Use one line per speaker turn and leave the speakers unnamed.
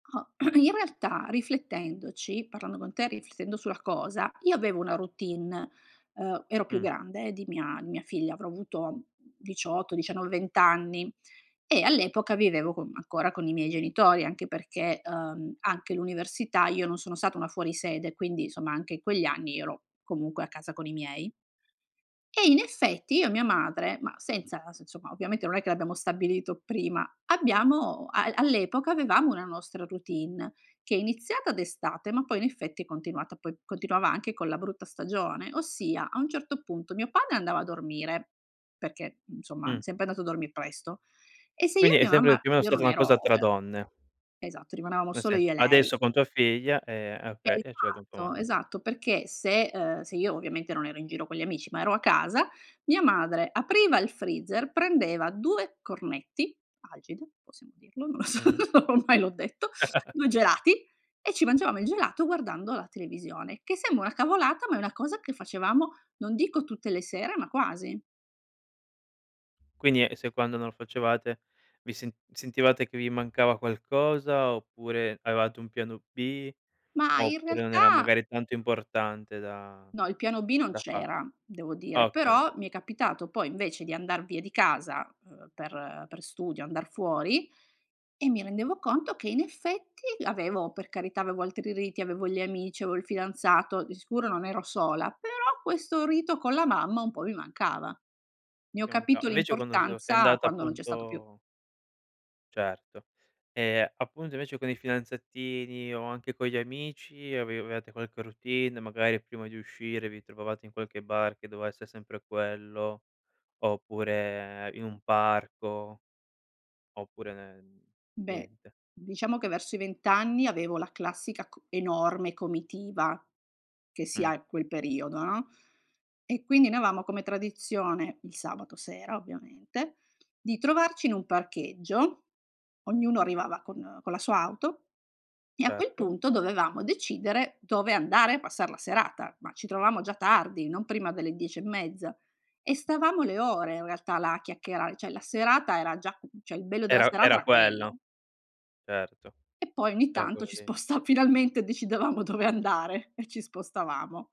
Ah in realtà, riflettendoci parlando con te, riflettendo sulla cosa, io avevo una routine. Uhm, ero più
Mh.
grande di mia mia figlia, avrò avuto 18, 19, 20 anni, e all'epoca vivevo con ancora con i miei genitori. Anche perché, uhm, anche l'università io non sono stata una fuori sede. Quindi, somma, anche in quegli anni io ero comunque a casa con i miei. E in effetti io e mia madre, ma senza adesso, insomma, ovviamente non è che l'abbiamo stabilito prima; abbiamo al all'epoca avevamo una nostra routine che è iniziata d'estate ma poi, in effetti, è continuata poi continuava anche con la brutta stagione, ossia, a un certo punto, mio padre andava a dormire, perché, mhmm, insomma è
Mh.
sempre andato a dormì presto. E se io e
Quindi è
mia
sempre
mamma
più o meno
io
stata
non
una cosa
ero
tra donne.
e esatto, rimanevamo
Nel
solo
sens
io e lei.
adesso con tua figlia ehm, ah, okay, e cioè con tua
Esatto,
mamma, oka
esatto, perché se, ehm se io ovviamente non ero in giro con gli amici, ma ero a casa, mia madre apriva il freezer, prendeva 2 cornetti Algida, possiamo dirlo? Non lo so,
Mh-mh.
ormai l'ho detto; 2 gelati e ci mangiavamo il gelato guardando la televisione, che sembra una cavolata ma è una cosa che facevamo non dico tutte le sere, ma quasi.
Quindi e se quando non lo facevate vi sent sentivate che vi mancava qualcosa oppure avevate un piano B,
Ma in
oppure non era
realtà
magari tanto importante da
No il piano B non
da far
c'era, devo
ah,
dire,
okay.
però mi è capitato poi, invece, di andar via di casa, ehm, per per studio andar fuori e mi rendevo conto che, in effetti, l'avevo per carità avevo altri riti, avevo gli amici, avevo il fidanzato, di sicuro non ero sola, però questo rito con la mamma un po' mi mancava. Ne ho
Ti mancav
capito
invece quando so sei
l'importanza
andata,
quando non c'è stato più.
appunto Certo. Ehm, appunto invece con i fidanzatini o anche con gli amici avevate qualche routine, magari prima di uscire vi trovavate in qualche bar che doveva essere sempre quello, oppure in un parco? Oppure nen
Beh,
niente.
diciamo che verso i 20 anni avevo la classica co enorme comitiva che si
Mh.
ha quel periodo, no, e quindi noi avevamo come tradizione, il sabato sera ovviamente, di trovarci in un parcheggio, ognuno arrivava con con la sua auto e a quel
Certo.
punto dovevamo decidere dove andare a passar la serata, ma ci trovavamo già tardi, non prima delle 10 e mezza. E stavamo le ore in realtà là a chiacchierare; cioè la serata era già cioè il bello della
Era
serata
era
era quello.
quello. Certo,
E poi ogni
era
tanto
quello
ci
lì.
sposta finalmente decidevamo dove andare e ci spostavamo.